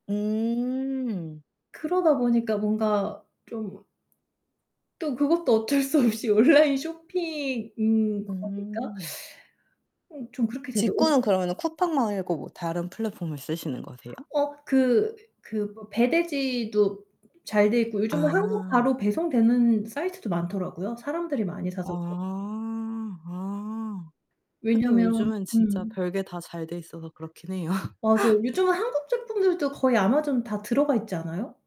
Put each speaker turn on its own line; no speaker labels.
음.
그러다 보니까 뭔가 좀 또 그것도 어쩔 수 없이 온라인 쇼핑인 거니까
음.
음 좀 그렇게 돼도 어
직구는 그러면은 쿠팡 말고 뭐 다른 플랫폼을 쓰시는 거세요?
어 그 그 뭐 배대지도 잘 돼 있고 요즘은 한국
아.
바로 배송되는 사이트도 많더라고요, 사람들이 많이 사서 그런지.
아. 아. 하긴
왜냐면
요즘은 진짜
음.
별게 다 잘 돼 있어서 그렇긴 해요.
맞아요. 요즘은 한국 제품들도 거의 아마존 다 들어가 있지 않아요?